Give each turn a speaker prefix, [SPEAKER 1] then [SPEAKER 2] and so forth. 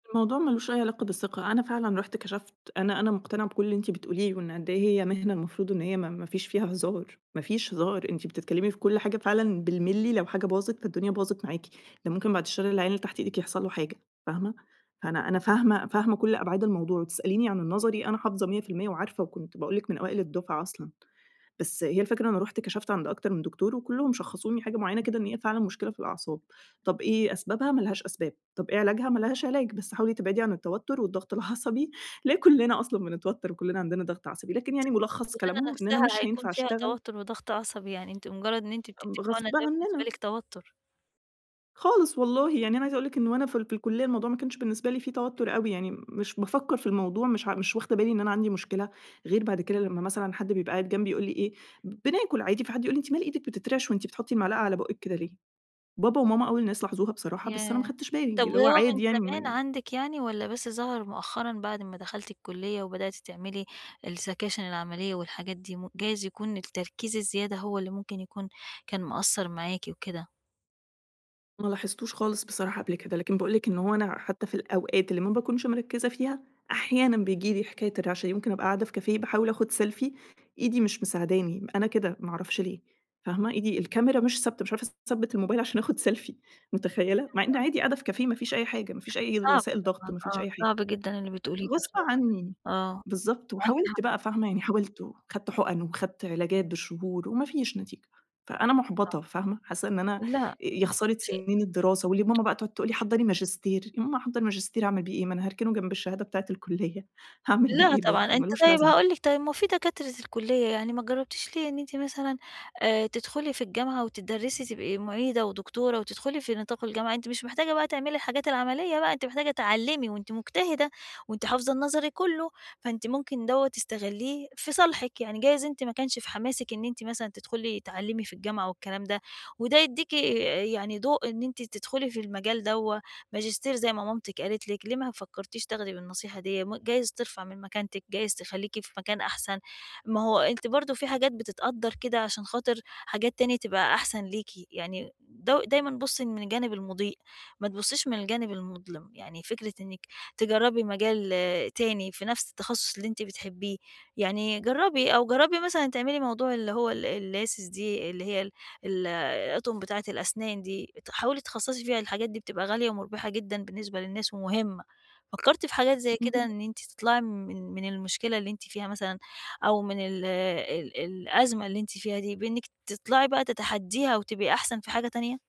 [SPEAKER 1] الموضوع ما لوش أي علاقة بالثقة، أنا فعلًا رُحت كشفت، أنا أنا مقتنعة بكل اللي أنتِ بتقوليه وإن قد إيه هي مهنة المفروض إن هي م ما فيش فيها هزار، ما فيش هزار، أنتِ بتتكلمي في كل حاجة فعلًا بالمللي، لو حاجة باظت فالدُّنيا، باظت معاكِ، ده ممكن بعد الشّر العيان اللي تحت إيدِك يحصل له حاجة، فاهمة؟ فأنا أنا فاهمة فاهمة كل أبعاد الموضوع، وتسأليني عن النظري، أنا حافظة 100% وعارفة، وكنت بأقول لِك من أوائل الدُفعة أصلًا. بس هي الفكرة أنا رُحت كشفت عند أكتر من دكتور وكُلهم شخّصوني حاجة معينة كده، إن هي فعلًا مشكلة في الأعصاب، طب إيه أسبابها؟ ما لهاش أسباب، طب إيه علاجها؟ ما لهاش علاج، بس حاولي تبعدي عن التوتر والضغط العصبي اللي هي كُلّنا أصلًا بنتوتر وكُلّنا عندنا ضغط عصبي، لكن
[SPEAKER 2] س
[SPEAKER 1] يعني ملخص
[SPEAKER 2] الشُغلانة
[SPEAKER 1] كلامهم إن أنا
[SPEAKER 2] نفسها
[SPEAKER 1] مش
[SPEAKER 2] هيكون
[SPEAKER 1] هينفع
[SPEAKER 2] فيها
[SPEAKER 1] أشتغل
[SPEAKER 2] توتر وضغط عصبي، يعني أنتِ مجرد إن أنتِ
[SPEAKER 1] ب
[SPEAKER 2] بتدّي حُقنة
[SPEAKER 1] غصب
[SPEAKER 2] ده بالنسبة
[SPEAKER 1] عننا.
[SPEAKER 2] لِك توتر.
[SPEAKER 1] خالص والله، يعني أنا عايزة أقول لِك إن وأنا في ال في الكلية الموضوع ما كانش بالنسبة لي في توتر أوي، يعني مش بافكّر في الموضوع، مش ع مش واخدة بالي إن أنا عندي مشكلة، غير بعد كده لما مثلًا حد بيبقى قاعد جنبي ويقول لي إيه ب بناكل عادي في حد يقول لي: "أنتِ مال إيدك بتترعش وأنتِ بتحطي المعلقة على بُقك كده ليه؟" بابا وماما أول الناس لاحظوها بصراحة بس أنا ما
[SPEAKER 2] ياه!
[SPEAKER 1] خدتش بالي،
[SPEAKER 2] طب،
[SPEAKER 1] اللي هُو
[SPEAKER 2] وهو من
[SPEAKER 1] عادي يعني
[SPEAKER 2] زمان
[SPEAKER 1] م
[SPEAKER 2] عندِك يعني والّا بس ظهر مؤخرًا بعد ما دخلتِ الكُلية وبدأتِ تعملي السكاشن العملية والحاجات دي م جايز يكون التركيز الزيادة هو اللي ممكن يكون كان مأثّر معاكِ وكده؟
[SPEAKER 1] ما لاحظتوش خالص بصراحة قبل كده، لكن بأقول لِك إن هُو أنا حتى في الأوقات اللي ما باكونش مركّزة فيها، أحيانًا بيجيلي حكاية الرعشة دي، ممكن أبقى قاعدة في كافيه باحاول آخد سيلفي، إيدي مش مساعداني، م أنا كده، ما أعرفش ليه، فاهمة؟ إيدي الكاميرا مش ثابتة، مش عارفة أثبِّت الموبايل عشان آخد سيلفي، مُتخيلة؟! مع إن عادي قاعدة في كافيه، ما فيش أي حاجة، ما فيش أي
[SPEAKER 2] صعب
[SPEAKER 1] وسائل ضغط،
[SPEAKER 2] طبعًا،
[SPEAKER 1] ما فيش
[SPEAKER 2] آه،
[SPEAKER 1] أي حاجة.
[SPEAKER 2] صعب جدًا، اللي بتقوليه ده
[SPEAKER 1] غصب عني،
[SPEAKER 2] آه.
[SPEAKER 1] بالضبط،
[SPEAKER 2] معاكِ
[SPEAKER 1] وحاولت
[SPEAKER 2] حق.
[SPEAKER 1] بقى، فاهمة؟ يعني حاولت وخدت حُقن وخدت علاجات بالشهور وما فيش نتيجة، فأنا
[SPEAKER 2] [unintelligible]
[SPEAKER 1] مُحبطة، فاهمة؟ حاسّة إن أنا، أ
[SPEAKER 2] لأ،
[SPEAKER 1] يا خسارة
[SPEAKER 2] أنتِ
[SPEAKER 1] سنين الدراسة، واللي ماما بقى تقعد تقول لي: "حضّري ماجستير." يا ماما أحضّر ماجستير أعمل بيه إيه؟ ما أنا هاركنه جنب الشهادة بتاعة الكلية، هاعمل بيه
[SPEAKER 2] لا،
[SPEAKER 1] إيه
[SPEAKER 2] طبعًا
[SPEAKER 1] برضه؟
[SPEAKER 2] أنت
[SPEAKER 1] مالوش
[SPEAKER 2] طيب،
[SPEAKER 1] لازمة.
[SPEAKER 2] هاقول لِك طيب، ما هو في دكاترة الكلية يعني ما جربتيش ليه إن أنت مثلًا، آآ، تدخلي في الجامعة وتدَرِّسي، تبقي مُعيدة ودكتورة وتدخلي في نطاق الجامعة؟ أنتِ مش محتاجة بقى تعملي الحاجات العملية بقى، أنتِ محتاجة تعلِّمي، وأنتِ مجتهدة وأنتِ حافظة النظري كله، فأنتِ ممكن دوّة تستغليه في صالحِك. يعني جايز أنتِ ما كانش في حماسِك إن أنتِ مثلًا تدخُلي تعلِّمي في الجامعة والكلام ده، وده يدّيكِ يعني ضوء إن أنتِ تدخُلي في المجال دوّة، ماجستير زي ما مامتك قالت لِك. ليه ما فكرتيش تاخدي بالنصيحة ديّة؟ م جايز ترفع من مكانتك، جايز تخليكِ في مكان أحسن. ما هُو أنتِ برضه في حاجات بتتقدر كده عشان خاطر حاجات تاني تبقى أحسن ليكِ. يعني دو دايمًا بُصي من الجانب المضيء، ما تبصيش من الجانب المُظلم. يعني فكرة إنِّك تجربي مجال تاني في نفس التخصص اللي أنتِ بتحبيه، يعني جربي، أو جربي مثلًا تعملي موضوع اللي هو ال الLaces دي اللي هي ال ال الأطقُم بتاعة الأسنان دي، ات حاولي اتخصصي فيها، الحاجات دي بتبقى غالية ومربحة جدًا بالنسبة للناس ومهمة. فكرتِ في حاجات زي كده،
[SPEAKER 1] اهم.
[SPEAKER 2] إن أنتِ تطلعي من من المشكلة اللي أنتِ فيها مثلًا أو من ال ال الأزمة اللي أنتِ فيها دي بإنِّك تطلعي بقى تَتَحديّها وتبقي أحسن في حاجة تانية؟